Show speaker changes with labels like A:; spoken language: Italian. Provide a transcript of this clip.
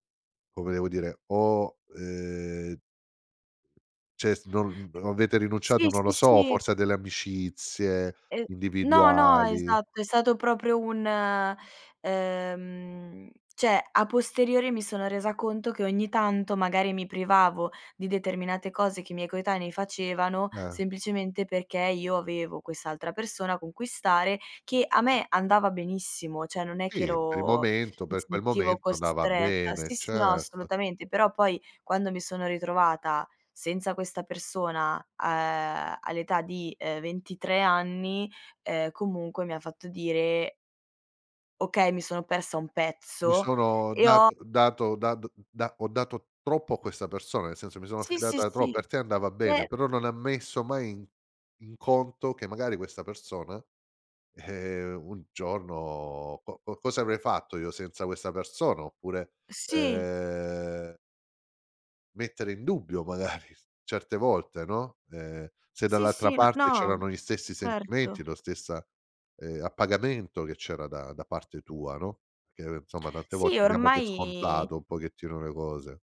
A: Come devo dire? Ho, ehm Cioè, s non avete
B: Sì,
A: rinunciato, non lo
B: sì,
A: so,
B: sì.
A: forse a delle amicizie
B: Ehm, no, no,
A: individuali.
B: esatto, è stato proprio un ehm, cioè, a posteriori, mi sono resa conto che, ogni tanto, magari, mi privavo di determinate cose che i miei coetanei facevano,
A: Eh.
B: semplicemente perché io avevo quest'altra persona con cui stare, che a me andava benissimo, cioè, non è che
A: Sì, per il
B: ero
A: momento,
B: mi
A: per quel
B: sentivo
A: momento, andava
B: costretta.
A: bene,
B: Sì, sì, no,
A: certo.
B: assolutamente, però, poi, quando mi sono ritrovata senza questa persona a uhm, all'età, uhm, di 23 anni, ehm, comunque, mi ha fatto dire "Okay, mi sono persa un
A: Mi
B: pezzo".
A: sono
B: E
A: dat
B: ho
A: dato da d ho dato troppo a questa persona, nel senso, mi sono
B: Sì, sì,
A: fidata trop
B: sì.
A: per te andava bene,
B: Eh
A: però non ha messo mai in in conto che, magari, questa persona, eh, un giorno co co cosa avrei fatto io senza questa persona. Oppure,
B: Sì.
A: ehm mettere in dubbio magari certe volte, no, uhm, se
B: Sì,
A: dall'altra
B: sì, n
A: parte c'erano
B: no,
A: gli stessi
B: certo.
A: sentimenti, lo stessa, ehm, appagamento che c'era da da parte tua, no, perché, insomma, tante
B: Sì,
A: volte diamo per
B: ormai
A: scontato un pochettino le cose.